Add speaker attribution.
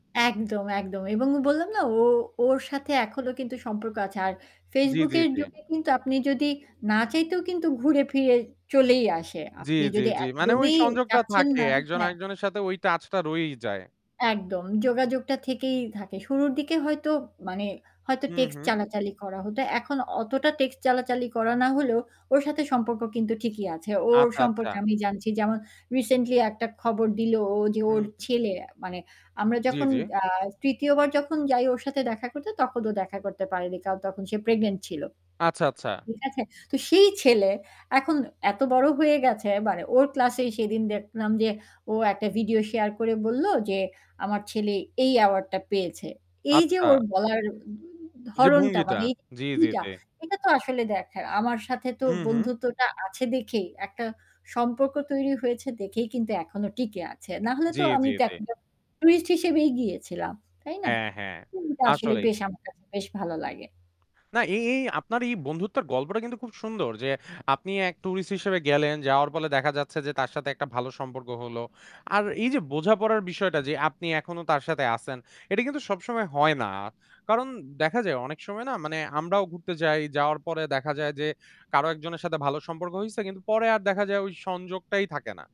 Speaker 1: একদম, একদম এবং বললাম না ও ওর সাথে এখনো কিন্তু সম্পর্ক আছে। আর
Speaker 2: জ্বী,
Speaker 1: Facebook
Speaker 2: জ্বী,
Speaker 1: এর
Speaker 2: জ্বী।
Speaker 1: যুগে কিন্তু আপনি যদি না চাইতেও কিন্তু ঘুরে ফিরে চলেই আসে।
Speaker 2: জ্বী,
Speaker 1: আপনি
Speaker 2: জ্বী,
Speaker 1: যদি
Speaker 2: জ্বী। মানে ওই
Speaker 1: একদমই
Speaker 2: সংযোগটা
Speaker 1: যাচ্ছেন
Speaker 2: থাকে
Speaker 1: না,
Speaker 2: একজন
Speaker 1: হ্যাঁ।
Speaker 2: একজনের সাথে ওই টাচটা রয়েই যায়।
Speaker 1: একদম, যোগাযোগটা থেকেই থাকে। শুরুর দিকে হয়তো মানে হয়তো
Speaker 2: হু,
Speaker 1: টেক্সট
Speaker 2: হু।
Speaker 1: চালাচালি করা হত। এখন অতটা টেক্সট চালাচালি করা না হলেও ওর সাথে সম্পর্ক কিন্তু ঠিকই আছে। ওর
Speaker 2: আচ্ছা, আচ্ছা।
Speaker 1: সম্পর্কে আমি জানছি যেমন রিসেন্টলি একটা খবর দিল ও যে ওর
Speaker 2: হু।
Speaker 1: ছেলে, মানে আমরা
Speaker 2: জ্বী,
Speaker 1: যখন
Speaker 2: জ্বী।
Speaker 1: আ ৩য় বার যখন যাই ওর সাথে দেখা করতে তখন ও দেখা করতে পারেনি। কারণ তখন সে প্রেগন্যান্ট ছিল।
Speaker 2: আচ্ছা, আচ্ছা।
Speaker 1: ঠিক আছে? তো সেই ছেলে এখন এত বড় হয়ে গেছে মানে ওর ক্লাস-এ সেদিন দেখলাম যে ও একটা ভিডিও শেয়ার করে বলল, যে আমার ছেলে এই এওয়ার্ড-টা পেয়েছে। এই যে
Speaker 2: আচ্ছা।
Speaker 1: ওর বলার
Speaker 2: যে
Speaker 1: ধরনটা
Speaker 2: ভঙ্গিটা,
Speaker 1: মানে
Speaker 2: জ্বী, জ্বী,
Speaker 1: এইটা
Speaker 2: জ্বী।
Speaker 1: এটা তো আসলে দেখা। আমার সাথে তো
Speaker 2: হু, হু।
Speaker 1: বন্ধুত্বটা আছে দেখেই একটা সম্পর্ক তৈরি হয়েছে দেখেই, কিন্তু এখনো টিকে আছে। নাহলে
Speaker 2: জ্বী,
Speaker 1: তো আমি
Speaker 2: জ্বী, জ্বী।
Speaker 1: [unintelligible] টুরিস্ট হিসেবেই গিয়েছিলাম। তাই না?
Speaker 2: হ্যাঁ, হ্যাঁ
Speaker 1: হুম, তা আসলে
Speaker 2: আসলেই।
Speaker 1: আমার বেশ ভালো লাগে।
Speaker 2: না এই এই আপনার এই বন্ধুত্বের গল্পটা কিন্তু খুব সুন্দর। যে আপনি এক টুরিস্ট হিসেবে গেলেন যাওয়ার ফলে দেখা যাচ্ছে যে তার সাথে একটা ভালো সম্পর্ক হল। আর এই যে বোঝাপড়ার বিষয়টা যে আপনি এখনো তার সাথে আছেন। এটা কিন্তু সবসময় হয় না। কারণ দেখা যায় অনেক সময় না মানে আমরাও ঘুরতে যাই যাওয়ার পরে দেখা যায় যে কারো একজনের সাথে ভালো সম্পর্ক হইছে। কিন্তু পরে আর দেখা যায় ওই সংযোগটাই থাকে না।